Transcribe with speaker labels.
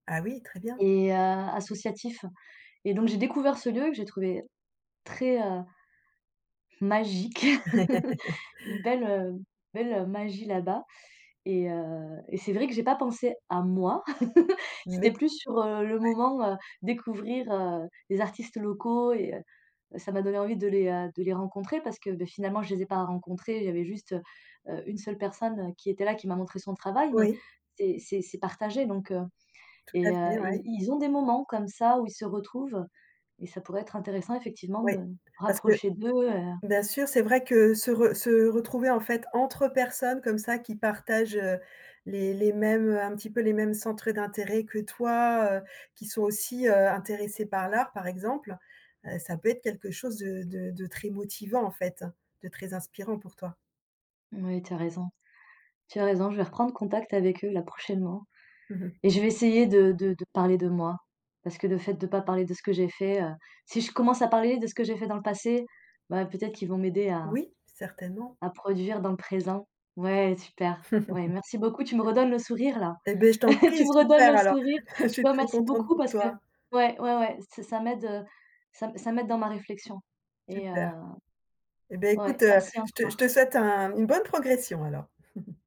Speaker 1: Ah oui, très bien.
Speaker 2: Et heu, associatif et donc, j'ai découvert ce lieu, que j'ai trouvé très, heu, magique, une belle belle magie, là-bas et heu et c'est vrai que j'ai pas pensé à moi. C'était
Speaker 1: Mais
Speaker 2: plus sur, heu, le
Speaker 1: ouais.
Speaker 2: moment, heu, découvrir, heu, les artistes locaux et heu, ça m'a donné envie de les, heu, de les rencontrer, parce que, bah, finalement, je les ai pas rencontrés, il y avait juste, heu, une seule personne, qui était là, qui m'a montré son travail mais
Speaker 1: Oui.
Speaker 2: c'est c'est c'est partagé donc, heu
Speaker 1: Tout à
Speaker 2: et heu,
Speaker 1: fait,
Speaker 2: ils
Speaker 1: ouais.
Speaker 2: ils ont des moments, comme ça, où ils se retrouvent, et ça pourrait être intéressant effectivement
Speaker 1: Oui,
Speaker 2: de me
Speaker 1: parce que
Speaker 2: rapprocher d'eux et heu
Speaker 1: bien sûr, c'est vrai que se re se retrouver, en fait, entre personnes comme ça, qui partagent, heu, les les mêmes, heu, un petit peu, les mêmes centres d'intérêt que toi, heu, qui sont aussi, heu, intéressés par l'art, par exemple, heu, ça peut être quelque chose de de de très motivant, en fait, de très inspirant pour toi.
Speaker 2: Moui, tu as raison. Tu as raison, je vais reprendre contact avec eux, là, prochainement
Speaker 1: Mmh mh.
Speaker 2: et je vais essayer de de de parler de moi. Parce que le fait de pas parler de ce que j'ai fait, heu, si je commence à parler de ce que j'ai fait dans le passé, bah, peut-être qu'ils vont m'aider à
Speaker 1: Oui, certainement.
Speaker 2: à produire dans le présent. Ouais, super, ouais, merci beaucoup, tu me redonnes le sourire là.
Speaker 1: Eh beh, je t'en prie,
Speaker 2: Tu me redonnes
Speaker 1: super,
Speaker 2: le
Speaker 1: alors.
Speaker 2: sourire,
Speaker 1: Je
Speaker 2: je
Speaker 1: suis
Speaker 2: te
Speaker 1: très
Speaker 2: remercie
Speaker 1: contente
Speaker 2: beaucoup,
Speaker 1: pour
Speaker 2: parce que
Speaker 1: toi.
Speaker 2: ouais, ouais, ouais, c'est ça m'aide, heu, ça m ça m'aide dans ma réflexion et heu,
Speaker 1: Super. Eh bien,
Speaker 2: ouais,
Speaker 1: écoute,
Speaker 2: merci
Speaker 1: je te je
Speaker 2: encore.
Speaker 1: te souhaite un une bonne progression alors.